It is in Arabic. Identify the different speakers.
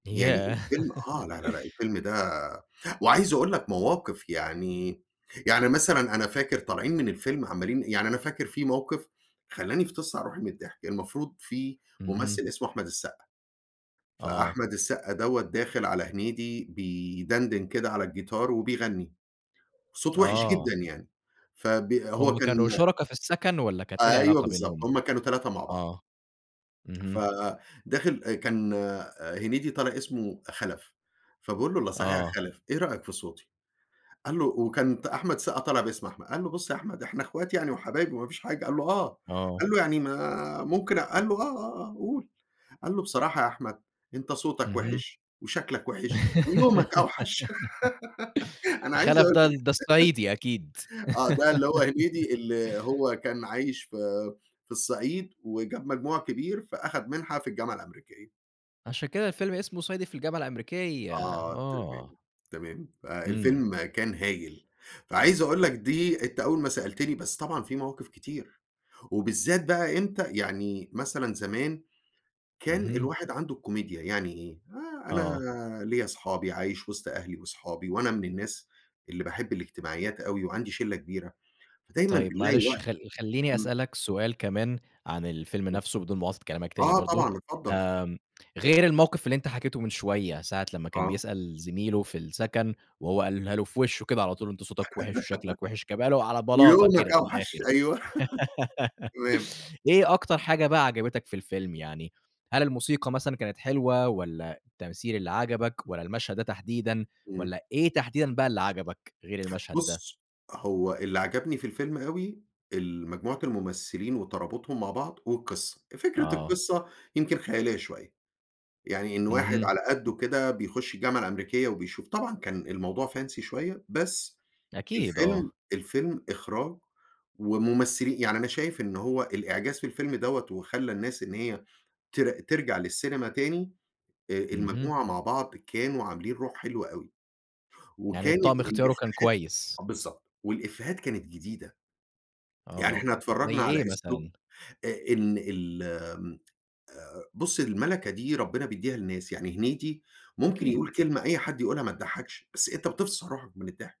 Speaker 1: يعني
Speaker 2: ياه!
Speaker 1: الفيلم آه، لأ، لأ، لأ الفيلم ده وعايز أقول لك مواقف يعني يعني مثلًا أنا فاكر طالعين من الفيلم عمّالين يعني أنا فاكر في موقِف خلّاني فِطِست على روحي من الضحك. المفروض في ممثّل
Speaker 2: اهم.
Speaker 1: اسمه أحمد السَقّا،
Speaker 2: آه.
Speaker 1: فأحمد السَقّا دوّة داخل على هنيدي بيدَنْدِن كده على الجيتار وبيغنّي، صوته وِحِش
Speaker 2: آه.
Speaker 1: جدًا يعني، فبي هو
Speaker 2: هم
Speaker 1: كان
Speaker 2: كانوا شُركا في السَكَن والّا كانت إيه
Speaker 1: أيوه
Speaker 2: العلاقة
Speaker 1: بالضبط،
Speaker 2: بينهم؟
Speaker 1: هم كانوا 3 مع بعض.
Speaker 2: آه. اهم.
Speaker 1: فـداخل آآ كان آآ هنيدي طالع اسمه خَلَف، فبيقول له: "إلّا صحيح يا
Speaker 2: آه.
Speaker 1: خَلَف، إيه رأيك في صوتي؟" قال له وكان تأ أحمد السَقّا طالع باسم أحمد. قال له: "بُص يا أحمد إحنا إخوات يعني وحبايب وما فيش حاجة." قال له: "آه."
Speaker 2: آه.
Speaker 1: قال له: "يعني ما ممكن" قال له: "آه، آه، آه، قُل." قال له: "بصراحة يا أحمد، أنت صوتك
Speaker 2: اهم.
Speaker 1: وِحِش وشكلك وِحِش ويومك أوحَش." أنا عايز
Speaker 2: خَلَف ده
Speaker 1: أقول
Speaker 2: ال ده الصعيدي أكيد.
Speaker 1: آه، ده اللي هو هنيدي اللي هو كان عايش في في الصعيد وجاب مجموع كبير، فأخَد منها في الجامعة الأمريكية.
Speaker 2: عشان كده الفيلم اسمه صعيدي في الجامعة الأمريكية
Speaker 1: آه،
Speaker 2: آه.
Speaker 1: تمام، تمام.
Speaker 2: إمم.
Speaker 1: فالفيلم كان هايل. فعايز أقول لك دي أنت أول ما سألتني، بس طبعًا فيه مواقف كتير وبالذات بقى إمتى يعني مثلًا زمان، كان
Speaker 2: اهم.
Speaker 1: الواحد عنده الكوميديا، يعني إيه؟ آآ أنا
Speaker 2: آه.
Speaker 1: ليّا أصحابي عايش وِسط أهلي وأصحابي وأنا من الناس اللي باحب الاجتماعيات أوي وعندي شِلّة كبيرة، فدايمًا
Speaker 2: طيب
Speaker 1: بنلاقي
Speaker 2: معلش
Speaker 1: وقت
Speaker 2: خل خلّيني
Speaker 1: إمم.
Speaker 2: أسألك سؤال كمان عن الفيلم
Speaker 1: إمم.
Speaker 2: نَفْسه بدون مُقاطعة كلامك تاني
Speaker 1: آه
Speaker 2: برضه،
Speaker 1: طبعًا، اتفضّل.
Speaker 2: آمم غير الموقِف اللي أنت حكيته من شوية ساعة لمّا كان
Speaker 1: آه.
Speaker 2: بيسأل زميله في السَكَن وهو قالها له في وِشّه كده على طول، "أنت صوتك وِحِش وشكلك وِحِش." جابها له على بلاطة
Speaker 1: ويومك
Speaker 2: كده من
Speaker 1: أوحَش
Speaker 2: الآخِر.
Speaker 1: أيوه. تمام.
Speaker 2: إيه أكتر حاجة بقى عجبتك في الفيلم يعني، هل الموسيقى مثلًا كانت حلوة والّا التمثيل اللي عجبك والّا المشهد ده تحديدًا
Speaker 1: إمم.
Speaker 2: والّا إيه تحديدًا بقى اللي عجبك، غير المشهد ده؟
Speaker 1: بُص، هو اللي عجبني في الفيلم أوي، المجموعة الممثّلين وترابُطهم مع بعض والقِصّة. فكرة
Speaker 2: آه.
Speaker 1: القِصّة يمكن خياليّة شوية. يعني إن واحد
Speaker 2: اهم.
Speaker 1: على قَدُّه كده بيخُش الجامعة الأمريكية وبيشوف. طبعًا كان الموضوع fancy شوية، بس
Speaker 2: أكيد آه.
Speaker 1: الفيلم الفيلم إخراج ومُمثِّلي يعني أنا شايف إن هو الإعجاز في الفيلم دوّة وخلّى الناس إن هي تر ترجع للسينما تاني، آآ
Speaker 2: اهم.
Speaker 1: المجموعة مع بعض كانوا عاملين روح حلوة أوي،
Speaker 2: يعني
Speaker 1: وكانت
Speaker 2: الطقم اختياره كان
Speaker 1: الإفّيهات
Speaker 2: كويس.
Speaker 1: آه بالضبط، والإفّيهات كانت جديدة. يعني
Speaker 2: آه،
Speaker 1: إحنا
Speaker 2: زي
Speaker 1: اتفرّجنا على
Speaker 2: إيه
Speaker 1: أسلوب
Speaker 2: مثلًا؟
Speaker 1: آآ إن ال آمم آآ بُص، المَلَكة دي ربِّنا بيدّيها لناس، يعني هنيدي ممكن يقول
Speaker 2: أكيد.
Speaker 1: كلمة أي حد يقول لها متضحَّكش، بس أنت بتفصِل روحك من الضحك.